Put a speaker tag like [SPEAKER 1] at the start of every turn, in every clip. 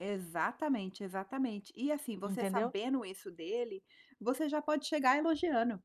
[SPEAKER 1] Exatamente, exatamente e assim você
[SPEAKER 2] Entendeu?
[SPEAKER 1] sabendo isso dele, você já pode chegar elogiando,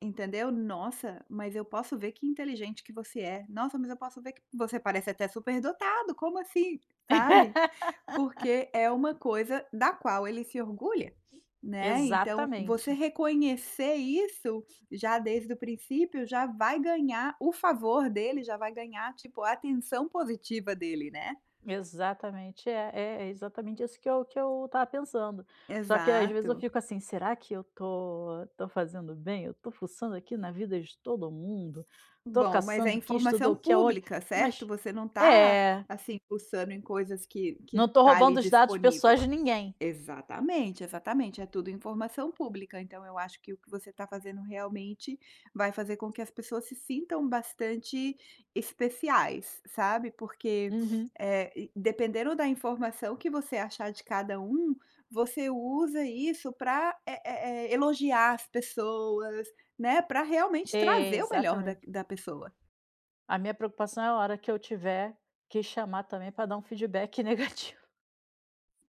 [SPEAKER 1] entendeu: "Nossa, mas eu posso ver que inteligente que você é, nossa mas eu posso ver que você parece até superdotado, como assim?" Sabe. Porque é uma coisa da qual ele se orgulha, né, então você
[SPEAKER 2] Exatamente.
[SPEAKER 1] reconhecer isso já desde o princípio já vai ganhar o favor dele, já vai ganhar tipo a atenção positiva dele, né.
[SPEAKER 2] Exatamente é é é exatamente isso que eu que eu estava pensando. Só que às vezes eu
[SPEAKER 1] Exato.
[SPEAKER 2] fico assim será que eu tô tô fazendo bem? Eu tô fuçando aqui na vida de todo mundo. Estou
[SPEAKER 1] Bom, mas é
[SPEAKER 2] caçando quem estudou
[SPEAKER 1] informação
[SPEAKER 2] o que aonde,
[SPEAKER 1] pública certo?
[SPEAKER 2] mas
[SPEAKER 1] Você não está,
[SPEAKER 2] é.
[SPEAKER 1] assim, fuçando em coisas que que
[SPEAKER 2] Não estou
[SPEAKER 1] está ali
[SPEAKER 2] roubando os dados
[SPEAKER 1] disponível.
[SPEAKER 2] pessoais de ninguém.
[SPEAKER 1] Exatamente exatamente é tudo informação pública então eu acho que o que você está fazendo realmente vai fazer com que as pessoas se sintam bastante especiais, sabe, porque,
[SPEAKER 2] Uhum.
[SPEAKER 1] eh, dependendo da informação que você achar de cada um, você usa isso pra, eh eh eh, elogiar as pessoas, né, para realmente
[SPEAKER 2] É,
[SPEAKER 1] trazer o melhor da
[SPEAKER 2] exatamente.
[SPEAKER 1] q da pessoa.
[SPEAKER 2] A minha preocupação é a hora que eu tiver que chamar também pra dar um feedback negativo.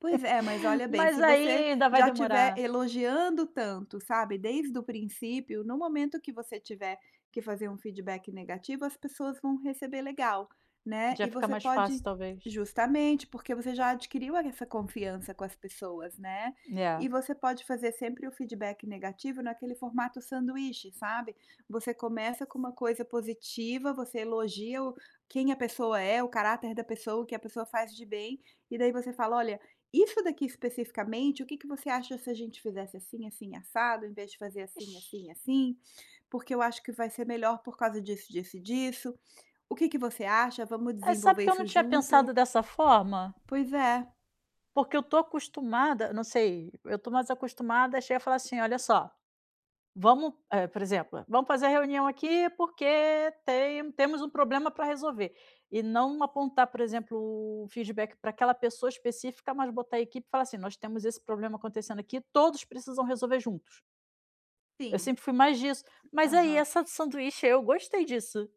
[SPEAKER 1] Pois é mas olha bem se
[SPEAKER 2] Mas
[SPEAKER 1] você
[SPEAKER 2] ainda vai
[SPEAKER 1] já estiver
[SPEAKER 2] demorar.
[SPEAKER 1] elogiando tanto sabe, desde o princípio no momento que você tiver que fazer um feedback negativo as pessoas vão receber legal, né,
[SPEAKER 2] Já
[SPEAKER 1] e
[SPEAKER 2] fica
[SPEAKER 1] você
[SPEAKER 2] mais fácil
[SPEAKER 1] pode
[SPEAKER 2] talvez.
[SPEAKER 1] justamente, porque você já adquiriu essa confiança com as pessoas, né, e
[SPEAKER 2] É.
[SPEAKER 1] você pode fazer sempre o feedback negativo naquele formato sanduíche sabe? Você começa com uma coisa positiva, você elogia o quem a pessoa é, o caráter da pessoa, o que a pessoa faz de bem, e daí você fala: "Olha, isso daqui especificamente o que que você acha se a gente fizesse assim, assim e assado, em vez de fazer assim, assim
[SPEAKER 2] Ixe.
[SPEAKER 1] e assim? Porque eu acho que vai ser melhor por causa disso, disso e disso. O que que você acha? Vamos
[SPEAKER 2] Mas sabe
[SPEAKER 1] desenvolver
[SPEAKER 2] que eu não
[SPEAKER 1] isso
[SPEAKER 2] tinha
[SPEAKER 1] junto?"
[SPEAKER 2] pensado dessa forma?
[SPEAKER 1] Pois é.
[SPEAKER 2] Porque eu estou acostumada, não sei, eu estou mais acostumada, a chegar e falar assim: "Olha só, vamos", por exemplo, "Vamos fazer a reunião aqui, porque tem temos um problema para resolver". E não apontar por exemplo o feedback para aquela pessoa específica, mas botar a equipe e falar assim nós temos esse problema acontecendo aqui, todos precisam resolver juntos. Eu
[SPEAKER 1] Sim.
[SPEAKER 2] sempre fui mais disso, mas aí
[SPEAKER 1] Aham.
[SPEAKER 2] essa do sanduíche aí eu gostei disso.